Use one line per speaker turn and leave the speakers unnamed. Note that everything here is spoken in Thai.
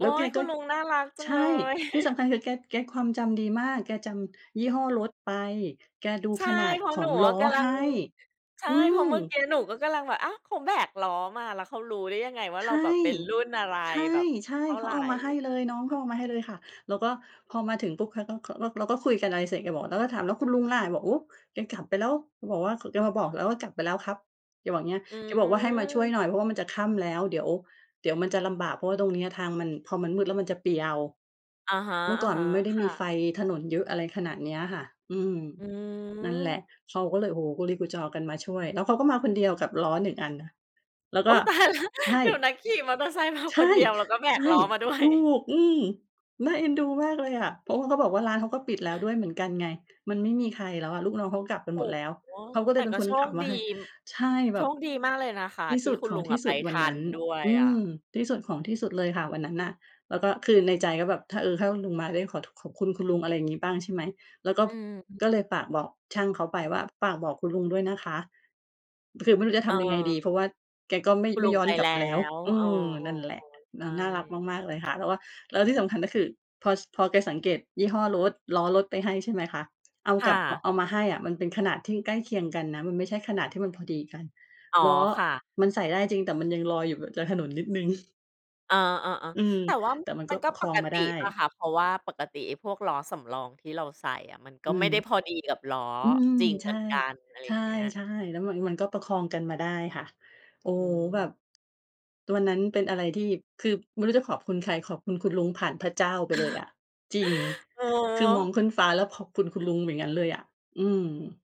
โอ๊
ล้วแก
ย คุ
ก็
ณลุงน่ารักจั
ใ
ง
ช
เล
่
ย
ที่สำคัญคือแก แกความจำดีมาก แกจำยี่ห้อรถไป แกดู
ใช่
ขนาด
เพราะ
ข
หน
อ
ู
งล
อะ
้อ
กำลั
ให
ง
้
ใช่
อื
เพราะ
ม
เมื่อกี้หนูก็กำลังแบบ อ้าว เขาแบกล้อมาแล้ว เขารู้ได้ยังไงว่า
ใ
เ
ช
รา
่
แบบเป็นรุ่นอะไร
ใช่
แบบ
ใช่
เท่า
เข
ไ
า
ร
เอามาให้เลย น้องเขาเอามาให้เลยค่ะ แล้วก็พอมาถึงปุ๊บ เขาก็ เขา เราก็คุยกันอะไรเสร็จ แกบอก เราก็ถาม แล้วคุณลุงล่ะ บอก "โอ้ แกกลับไปแล้ว แกบอกว่า แกมาบอกแล้วว่ากลับไปแล้วครับ แกบอกอย่างเงี้ย"
อื
แกบอกว่า "ให้มาช่วย
ม
หน่อยเพราะว่ามันจะค่ำแล้ว เดี๋ยว เดี๋ยวมันจะลำบาก เพราะว่าตรงเนี้ยทางมัน พอมันมืดแล้วมันจะเปลี่ยว"
อะฮะ
เมื่อก่อนมันไม่ได้
ๆ ค่
มี
ะ
ไฟถนนเยอะ อะไรขนาดเนี้ยค่ะ อืม
อื
นั่นแหละ
ม
เขาก็เลย โอ้โฮ กุลีกุจอกันมาช่วย แล้วเขาก็มาคนเดียวกับล้อ 1 อันนะ แล้ว
โอ
ก
๊
็
ย ตายแล้ว
ใช่
เดี๋ยวนะ ขี่มอเตอร์ไซค์มา
ใช
ค
่
นเดียวแล้วก็แบ
ใช
ก
่
ล้อมาด้ว
ถ
ย
ูก อือ น่าเอ็นดูมากเลยอะ เพราะว่าเขาบอกว่าร้านเขาก็ปิดแล้วด้วยเหมือนกันไง มันไม่มีใครแล้วอะ ลูกน้องเขากลับกัน
โอ
หม
้
ดแล้ว
โฮ
เขาก็เ
แ
ล
ต่
ยเป็
ก
น
็
ค
โ
น
ช
ข
ค
ับม
ด
า
ี
ให้ ใช่
โ
แบ
ช
บ
คดีมากเลยนะคะ
ที่
ท
ส
ี่
ุด
คุณ
ขอ
ล
ง
ุง
ท
อ
ี่
ะไ
ส
ป
ุด
ท
วันน
ั
ั
น
้น
ด้วย
อื
อ
ม
ะ
ที่สุดของที่สุดเลยค่ะวันนั้นน่ะ แล้วก็คือในใจก็แบบถ้า เออ ถ้าคุณลุงมาได้ขอขอบคุณ คุณลุง อะไรอย่างงี้บ้าง ใช่ไหม แล้วก็
อือฮ
ก็เลย
ึ
ฝากบอกช่างเขาไปว่า ฝากบอกคุณลุงด้วยนะคะ คือไม่รู้จะ
เ
ทำยังไงดี
ออ
เพราะว่าแกก็ไม่
คุณ
ไม
ล
่
ุง
ย้อ
ไป
นกล
แ
ั
ล
บ
้
แล้ว
ว
เออ
เออ
นั่นแหละ
ๆ ๆ ใช
แล้ว
่
น่ารักมาก ๆ เลยค่ะ แล้วก็ แล้วที่สำคัญก็คือ พอ พอแกสังเกตยี่ห้อรถ ล้อรถไปให้ ใช่ไหมคะ เอา
ค
ก
่
ลับ
ะ
เอามาให้อะมันเป็นขนาดที่ใกล้เคียงกันนะ มันไม่ใช่ขนาดที่มันพอดีกัน
อ๋อ
ล้อ
ค่ะ
มันใส่ได้จริงแต่มันยังลอยอยู่จากถนนนิดหนึ่ง
เออ
อื
ๆ
ม
ๆ แต่ว่า
แต่มัน
ม
ก็
ันก
ปร
็
ะค
ป
อง
ก
มา
ต
ได
ิ
้
เปล่าค่ะ เพราะว่าปกติไอ้พวกล้อสำรองที่เราใส่อะ มันก
อ
็
ื
ไม
ม
่ได้พอดีกับล้อ
อืม
จริง
ใ
เ
ช
หม
่
ือนกัน อะไร
ใช
อย่างเงี้ย
่ ๆ แล้วมัน มันก็ประคองกันมาได้ค่ะ โอ้
อื
แบ
ม
บ ตัวนั้นเป็นอะไรที่ คือไม่รู้จะขอบคุณใคร ขอบคุณคุณลุงผ่านพระเจ้าไปเลยอะ จริง
โอ้
คือมองขึ้นฟ้า แล้วขอบคุณคุณลุงอย่างงั้นเลยอะ อืม